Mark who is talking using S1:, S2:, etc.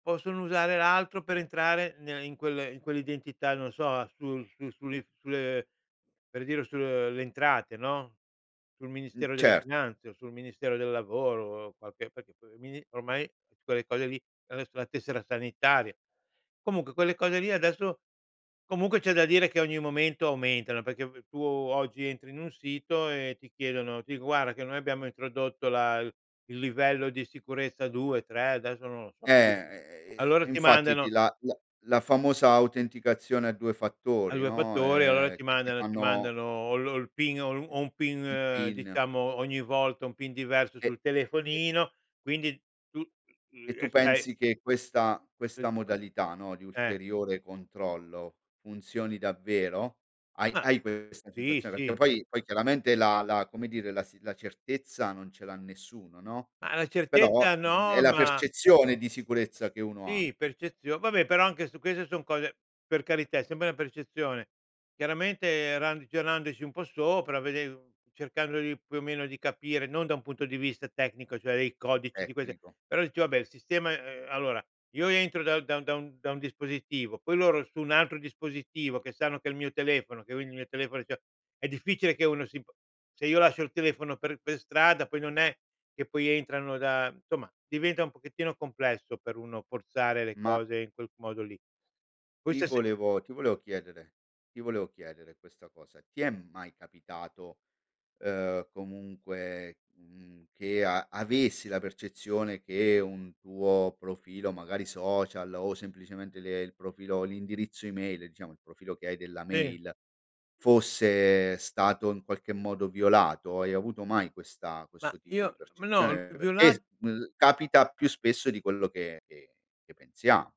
S1: Possono usare l'altro per entrare ne in quelle in quell'identità, non so, a su su sulle sulle per dire, sulle Entrate, no, sul
S2: Mh,
S1: Ministero delle
S2: certo.
S1: Finanze o sul Ministero del Lavoro, qualche perché il mini ormai quelle cose lì adesso la tessera sanitaria. Comunque quelle cose lì adesso comunque c'è da dire che ogni momento aumentano, perché tu oggi entri in un sito e ti chiedono, ti dico: “Guarda che noi abbiamo introdotto la l il livello di sicurezza 2, 3,” adesso non lo so
S2: Eh,
S1: più,
S2: e e
S1: allora
S2: e
S1: ti
S2: infatti ti
S1: mandano
S2: la la la famosa autenticazione a 2
S1: a
S2: fattori,
S1: 2
S2: no,
S1: fattori, allora
S2: ehm
S1: ti
S2: che ti
S1: mandano ti
S2: fanno
S1: mandano o lo il PIN o o un
S2: i il
S1: PIN
S2: PIN.
S1: diciamo, ogni volta, un PIN diverso
S2: E
S1: sul
S2: e
S1: telefonino, quindi tu.
S2: e tu
S1: eh, sai
S2: pensi che questa questa
S1: [unintelligible]
S2: modalità, no, di
S1: Eh.
S2: ulteriore controllo, funzioni davvero? Hai
S1: Ma,
S2: hai
S1: eh
S2: questa
S1: sì,
S2: sensazione? Perché
S1: sì.
S2: poi poi chiaramente la la, come dire, la s la certezza non ce l'ha nessuno, no,
S1: Ma la
S2: però,
S1: certezza
S2: mhmm, è
S1: no,
S2: la
S1: ma
S2: percezione di sicurezza che uno ha.
S1: Sì, percezio vabbè, però anche su queste son cose per carità, è sempre una percezione. Chiaramente ragionandoci un po' sopra, vedendo cercando di più o meno di capire non da un punto di vista tecnico, cioè dei codici, di queste
S2: Tecnico.
S1: però dici: “Vabbè, il sistema” allora io entro da da da un da un dispositivo, poi loro su un altro dispositivo che sanno che è il mio telefono, che ogni mio telefono c'ha è difficile che uno si se io lascio il telefono per per strada poi non è che poi entrano da insomma, diventa un pochettino complesso per uno forzare le
S2: Ma
S1: cose in quel modo lì.
S2: Ti
S1: Questa se
S2: volevo ti volevo chiedere ti volevo chiedere questa cosa, ti è mai capitato, uhm, comunque, mhmm, che a avessi la percezione che un tuo profilo magari social o semplicemente le il profilo, l'indirizzo email, diciamo, il profilo che hai della
S1: Sì.
S2: mail fosse stato in qualche modo violato? Hai avuto mai questa
S1: Ma
S2: questo tipo di
S1: io ma no,
S2: percezione? Perché s
S1: violat
S2: l capita più spesso di quello che che che pensiamo.